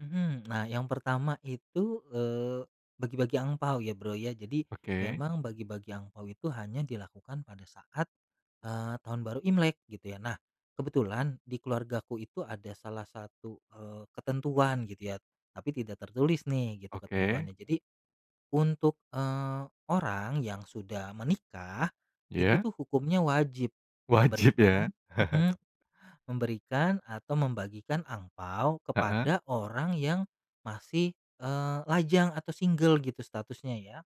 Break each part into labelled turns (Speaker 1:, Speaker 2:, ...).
Speaker 1: Mhm. Nah yang pertama itu, eee, bagi-bagi angpao ya, Bro, ya. Jadi
Speaker 2: Oke.
Speaker 1: memang bagi-bagi angpao itu hanya dilakukan pada saat, eee, Tahun Baru Imlek gitu ya. Nah kebetulan di keluargaku itu ada salah satu, eee, ketentuan gitu ya, tapi tidak tertulis nih gitu
Speaker 2: Oke.
Speaker 1: ketentuannya. Jadi untuk, eee, orang yang sudah menikah, itu
Speaker 2: Iya.
Speaker 1: tuh hukumnya wajib
Speaker 2: Wajib ya.
Speaker 1: memberikan mhm, memberikan atau membagikan angpao
Speaker 2: Heeh.
Speaker 1: kepada orang yang masih, eee, lajang atau single gitu statusnya ya.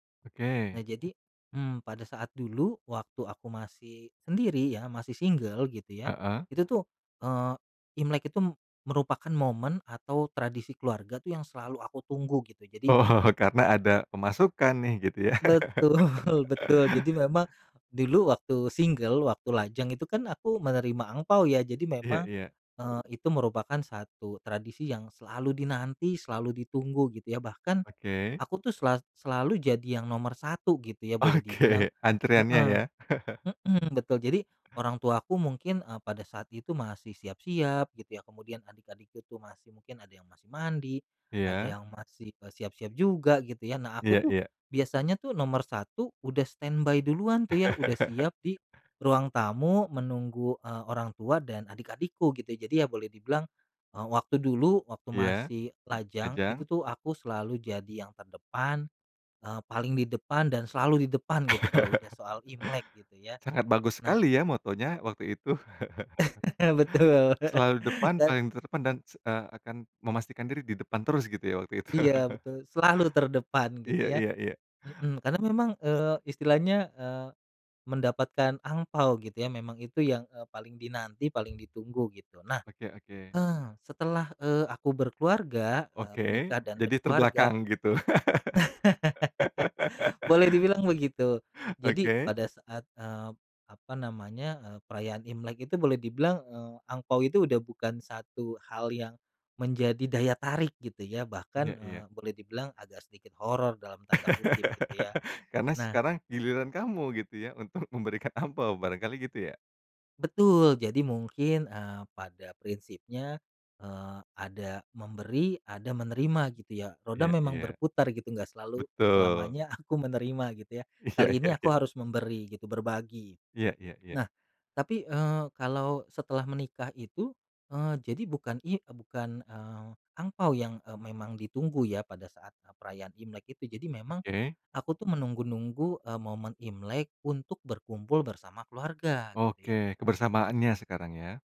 Speaker 1: Nah
Speaker 2: Oke.
Speaker 1: jadi, mmm, pada saat dulu waktu aku masih sendiri ya, masih single gitu ya,
Speaker 2: Heeh.
Speaker 1: itu tuh, eee, Imlek itu m merupakan momen atau tradisi keluarga tuh yang selalu aku tunggu gitu. Jadi
Speaker 2: Oh, karena ada pemasukan nih. Gitu ya?
Speaker 1: Betul betul. Jadi memang dulu waktu single, waktu lajang itu kan aku menerima angpao ya. Jadi
Speaker 2: Iya
Speaker 1: memang,
Speaker 2: iya.
Speaker 1: eee, itu merupakan satu tradisi yang selalu dinanti, selalu ditunggu gitu ya. Bahkan
Speaker 2: Oke.
Speaker 1: aku tuh sela selalu jadi yang nomor 1 gitu ya boleh dibilang
Speaker 2: Oke, antriannya
Speaker 1: heeh.
Speaker 2: ya.
Speaker 1: Mhm, betul. Jadi orang tuaku mungkin, eee, pada saat itu masih siap-siap gitu ya. Kemudian adik-adikku tuh mungkin ada yang masih mandi, ada
Speaker 2: Iya.
Speaker 1: yang masih, eee, siap-siap juga gitu ya. Nah aku
Speaker 2: Iya
Speaker 1: tuh
Speaker 2: iya.
Speaker 1: biasanya tuh nomor 1 udah standby duluan tuh. Ya udah siap di ruang tamu menunggu, eee, orang tua dan adik-adikku gitu. Jadi ya boleh dibilang, eee, waktu dulu, waktu
Speaker 2: Iya,
Speaker 1: masih lajang itu
Speaker 2: ajang.
Speaker 1: tuh aku selalu jadi yang terdepan, eee, paling di depan dan selalu di depan gitu kalau udah soal Imlek gitu ya,
Speaker 2: Sangat bagus
Speaker 1: nah
Speaker 2: sekali ya mottonya waktu itu.
Speaker 1: Betul,
Speaker 2: Selalu di depan
Speaker 1: dan
Speaker 2: paling terdepan dan, se eee, akan memastikan diri di depan terus gitu ya waktu itu.
Speaker 1: Iya, betul. Selalu terdepan gitu
Speaker 2: Iya
Speaker 1: ya,
Speaker 2: iya iya.
Speaker 1: mhm. Karena memang, eee, istilahnya, eee, mendapatkan angpao gitu ya memang itu yang, eee, paling dinanti, paling ditunggu gitu. Nah,
Speaker 2: Oke oke.
Speaker 1: eee, setelah, eee, aku berkeluarga, eee,
Speaker 2: Oke,
Speaker 1: menikah dan
Speaker 2: jadi
Speaker 1: berkeluarga
Speaker 2: terbelakang gitu.
Speaker 1: Boleh dibilang begitu. Jadi
Speaker 2: Oke.
Speaker 1: pada saat, eee, apa namanya, eee, perayaan Imlek itu boleh dibilang, eee, angpao itu udah bukan satu hal yang menjadi daya tarik gitu ya. Bahkan,
Speaker 2: Iya iya.
Speaker 1: eee, boleh dibilang agak sedikit "horor" dalam tanda kutip gitu ya.
Speaker 2: Karena
Speaker 1: Nah
Speaker 2: sekarang giliran kamu gitu ya, untuk memberikan angpao barangkali gitu ya.
Speaker 1: Betul. Jadi mungkin, eee, pada prinsipnya, eee, ada memberi, ada menerima gitu ya. Roda
Speaker 2: Iya
Speaker 1: memang
Speaker 2: iya.
Speaker 1: berputar gitu, nggak selalu
Speaker 2: Betul.
Speaker 1: selamanya aku menerima gitu ya.
Speaker 2: Iya
Speaker 1: Kali ini
Speaker 2: iya
Speaker 1: aku
Speaker 2: iya.
Speaker 1: harus memberi gitu, berbagi.
Speaker 2: Iya iya iya.
Speaker 1: Nah tapi, eee, kalau setelah menikah itu, eee, jadi bukan i eee, bukan, eee, angpao yang, eee, memang ditunggu ya pada saat, eee, perayaan Imlek itu. Jadi memang
Speaker 2: Oke.
Speaker 1: aku tuh menunggu-nunggu, eee, momen Imlek untuk berkumpul bersama keluarga gitu
Speaker 2: Oke,
Speaker 1: ya.
Speaker 2: kebersamaannya sekarang ya.